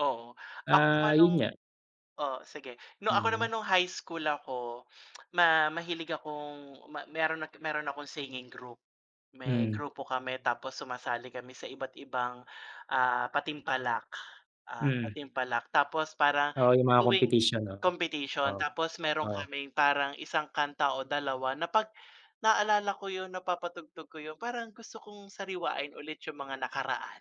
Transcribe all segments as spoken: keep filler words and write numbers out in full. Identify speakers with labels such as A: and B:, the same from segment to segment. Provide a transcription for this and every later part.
A: Oo, ako
B: Ah,
A: naman
B: 'yun
A: no'ng
B: nga.
A: oo sige 'no. Ako naman
B: Mhm.
A: no'ng high school ako ma mahilig akong me meron at meron akong singing group. May
B: Hmm.
A: grupo kami, tapos sumasali kami sa iba't ibang, ah, patimpalak, ah,
B: Mm.
A: patimpalak tapos para
B: Oo, 'yung mga
A: tuwing
B: competition 'no,
A: competition.
B: oo,
A: Tapos meron
B: oo.
A: kaming parang isang kanta o dalawa na 'pag naalala ko 'yun, napapatugtog ko 'yun, parang gusto kong sariwain ulit 'yung mga nakaraan.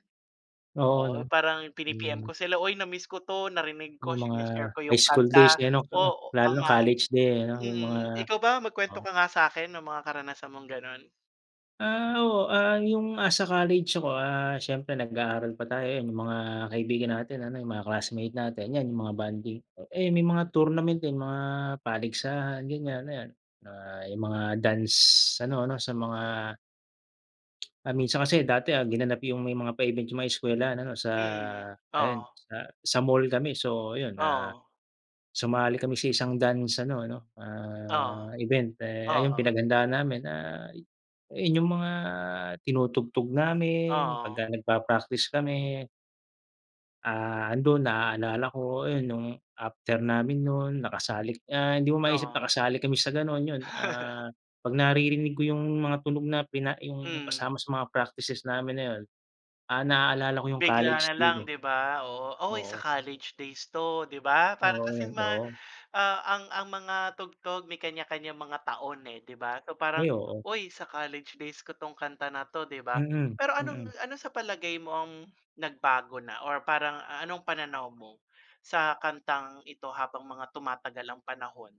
B: Oo,
A: Oo,
B: 'no.
A: parang pini-P-M
B: Hmm.
A: ko sila, "uy na miss ko 'to," narinig ko,
B: 'Yung mga
A: sine-share ko
B: high
A: 'yung
B: school days
A: kanta,
B: eh, ano. Oo,
A: oo,
B: lalo na
A: tama,
B: college day ano, 'yung mga
A: mm. Ikaw ba,
B: Oo.
A: mag-kwento ka nga sa'kin ng mga karanasan mong gano'n?
B: Ah. Oo, ah, 'yung asa college ako, ah, siyempre nag-aaral pa tayo, 'yan 'yung mga kaibigan natin ano, 'yung mga classmate natin, 'yan 'yung mga bonding, eh, may mga tournament din, mga paligsahan ganiyan, ayan, mga 'yung mga dance ano ano sa mga Ah, minsan kasi dati, ah, ginanap 'yung may mga pa-event 'yung mga eskwelahan ano, sa
A: Mm. Oo.
B: ayan sa sa mall kami. So ayun, ah,
A: Oo.
B: sumali kami sa isang dance ano ano,
A: Oo,
B: ah, event eh, ay 'yung
A: oo.
B: pinaghandaaan namin, ah, 'yun 'yung mga tinutugtog namin
A: Oo.
B: pagka nagpa-practice kami. Ah, ando'n naalala ko 'yun, no'ng after namin no'n nakasalik ah, hindi mo maisip
A: Oo.
B: nakasali kami sa gano'n 'yun. Ah, pag naririnig ko 'yung mga tunog na pina 'yung
A: Mm.
B: kasama sa mga practices namin na 'yun, ah, naalala ko 'yung
A: Bigla
B: college
A: na
B: day
A: lang
B: ko.
A: 'di ba, oo. "uy sa
B: Oo.
A: college days 'to," 'di ba? Parang
B: Oo,
A: kasi ma
B: oo.
A: ah, ang ang mga tugtog may kanya-kanyang mga taon eh, 'di ba. Parang,
B: Ay, oo.
A: "Uy sa college days ko 'tong kanta na 'to," 'di ba?
B: Mm.
A: Pero anong
B: Mm.
A: ano, sa palagay mo ang nagbago na or parang anong pananaw mo sa kantang ito habang mga tumatagal ang panahon?